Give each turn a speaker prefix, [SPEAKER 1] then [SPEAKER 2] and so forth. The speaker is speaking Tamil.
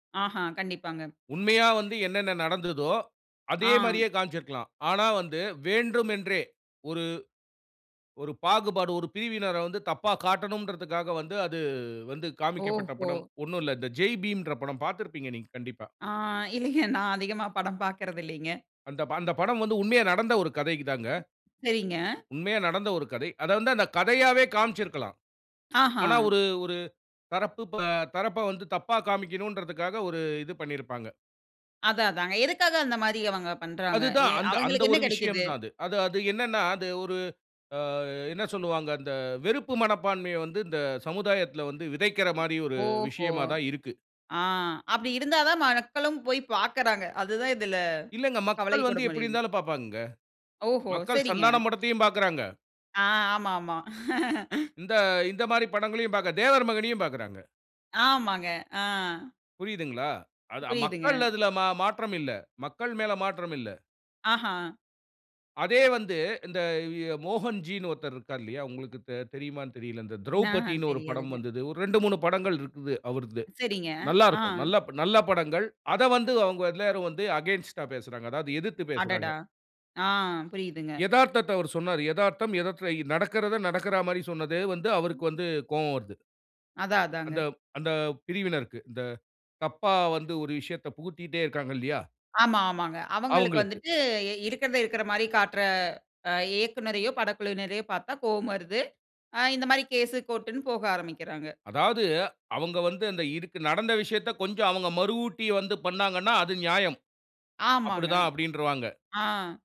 [SPEAKER 1] ஆஹா, கண்டிப்பாங்க.
[SPEAKER 2] உண்மையா வந்து என்னென்ன நடந்ததோ, அதே
[SPEAKER 1] ஆ.
[SPEAKER 2] மாதிரியே காமிச்சு இருக்கலாம் ஆனா வந்து வேண்டுமென்றே, ஒரு ஒரு பாகுபாடு, ஒரு பிரிவினர வந்து தப்பா காட்டணும்ன்றததுகாக வந்து, அது வந்து அது காமிக்க பட்ட
[SPEAKER 1] ஓஹோ!
[SPEAKER 2] படம், ஒண்ணு இல்ல, இந்த "ஜெய் பீம்" ன்ற படம் பாத்திருப்பீங்க நீங்க கண்டிப்பா.
[SPEAKER 1] ஆ, இல்லிங்க. நான் அதிகமா படம் பாக்குறது இல்லிங்க.
[SPEAKER 2] அந்த அந்த படம் வந்து உண்மையா நடந்த ஒரு கதை தாங்க.
[SPEAKER 1] சரிங்க.
[SPEAKER 2] உண்மையா நடந்த ஒரு கதை, அத வந்து அந்த கதையாவே காமிச்சு இருக்கலாம்
[SPEAKER 1] ஆஹா!
[SPEAKER 2] ஆனா ஒரு, ஒரு, தரப்பு தரப்ப வந்து தப்பா காமிக்கணும்ன்றதுகாக ஒரு இது பண்ணியிருப்பாங்க.
[SPEAKER 1] அதான், அதாங்க எதுக்காக அந்த மாரி அவங்க பண்றாங்க?
[SPEAKER 2] அதுதான்
[SPEAKER 1] எ
[SPEAKER 2] அந்த, அந்த
[SPEAKER 1] அவங்களுக்கு என்ன
[SPEAKER 2] ஒரு விஷயம்
[SPEAKER 1] கிடைக்குது?
[SPEAKER 2] தான் அது-அது-அது என்னனா, அது ஒரு, அ என்ன சொல்லுவாங்க? அந்த வெறுப்பு மனப்பான்மைய வந்து இந்த சமுதாயத்ல வந்து விதைக்கிற மாரி ஒரு
[SPEAKER 1] ஓஹோ!
[SPEAKER 2] விஷயமா தான் இருக்கு.
[SPEAKER 1] ஆ, அப்டி இருந்தா தான் மக்களும் போய் பாக்குறாங்க, அதுதான் இதில
[SPEAKER 2] இல்லைங்க
[SPEAKER 1] கவலை
[SPEAKER 2] மக்கள் வந்து,
[SPEAKER 1] [unintelligible]
[SPEAKER 2] எப்டி
[SPEAKER 1] முடிது.
[SPEAKER 2] இருந்தாலும் பாப்பாங்கங்க,
[SPEAKER 1] ஓஹோ!
[SPEAKER 2] மக்கள்
[SPEAKER 1] சரிங்க.
[SPEAKER 2] சந்தானம் படத்தையும் பாக்குறாங்க.
[SPEAKER 1] ஆ, ஆமா, ஆமா
[SPEAKER 2] இந்த-இந்த மாதிரி படங்களையும் பாக்க தேவர்மகனையும் பாக்குறாங்க.
[SPEAKER 1] ஆமாங்க, அ.
[SPEAKER 2] புரியுதுங்களா? அது
[SPEAKER 1] புரியுதுங்க.
[SPEAKER 2] மக்கள் அ அதுல மா-மாற்றம் இல்ல, மக்கள் மேல மாற்றமில்ல.
[SPEAKER 1] ஆஹா!
[SPEAKER 2] அதே வந்து, இந்த ஆ மோகன் ஜினு ஒருத்தர் இருக்காரு இல்லயா உங்களுக்கு த்-தெரியுமானு தெரியல, இந்த
[SPEAKER 1] நா
[SPEAKER 2] "த்ரௌபதினு", ஒரு படம்
[SPEAKER 1] தெரியாதுங்க.
[SPEAKER 2] வந்தது 2, 3 படங்கள் இருக்குது அவருது,
[SPEAKER 1] சரிங்க,
[SPEAKER 2] நல்லா
[SPEAKER 1] ஆ.
[SPEAKER 2] இருக்கும், நல்ல நல்ல படங்கள். அத வந்து அவங்க எல்லாரும் வந்து அகைன்ஸ்ட் டா பேசுறாங்க, அதாவது எதிர்த்து பேசுறாங்க.
[SPEAKER 1] அடடா! ஆ, புரியுதுங்க.
[SPEAKER 2] எதார்த்தத்த அவர் சொன்னாரு. எதார்த்தம் எதார்த்தம் நடக்குறத நடக்கற மாரி சொன்னது வந்து, அவருக்கு வந்து கோவம் வருது.
[SPEAKER 1] அதான்
[SPEAKER 2] அந்த
[SPEAKER 1] அதாங்க.
[SPEAKER 2] அந்த பிரிவினருக்கு, இந்த தப்பா வந்து ஒரு விஷயத்த புகுத்திட்டே இருக்காங்க இல்லையா?
[SPEAKER 1] ஆமா. ஆமாங்க. அவங்களுக்கு
[SPEAKER 2] அவங்களுக்கு.
[SPEAKER 1] வந்துட்டு எ இருக்குறத இருக்குற மாரி காட்டுற, அ இயக்குனரையோ, படக்குழுவினரையோ பாத்தா, கோபம் வருது. அ இந்த மாரி கேஸ், கோர்ட் னு போக ஆரம்பிக்குறாங்க.
[SPEAKER 2] அதாவது, அவங்க வந்து அந்த இதுக்கு நடந்த விஷயத்த கொஞ்சம் அவங்க மறவூட்டி வந்து பண்ணாங்கனா, அது நியாயம். அப்டி
[SPEAKER 1] ஆமாங்க.
[SPEAKER 2] தான் அப்டின்றுவாங்க.
[SPEAKER 1] ஆ.